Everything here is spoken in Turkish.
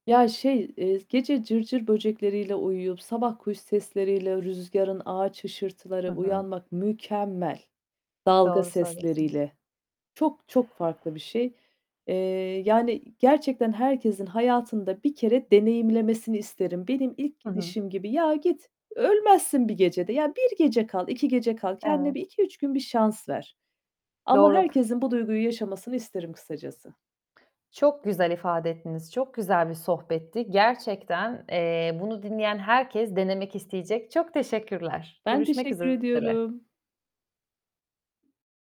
Ya, şey, eee, gece cırcır böcekleriyle uyuyup, sabah kuş sesleri ile rüzgârın ağaç Hı hışırtıları hı. uyanmak mükemmel. Dalga Doğru söylüyorsunuz. sesleriyle... Çok, çok farklı bir şey. Eee, yani gerçekten herkesin hayatında 1 kere deneyimlemesini isterim. Benim ilk Hı hı. gidişim gibi. Ya, git, ölmezsin 1 gecede. Ya, 1 gece kal, 2 gece kal. Kendine Evet. bir 2-3 gün bir şans ver ama Doğru k herkesin bu duyguyu yaşamasını isterim kısacası. Çok güzel ifade ettiniz, çok güzel bir sohbetti. Gerçekten, eee, bunu dinleyen herkes denemek isteyecek. Çok teşekkürler. Ben Görüşmek teşekkür üzere. ediyorum.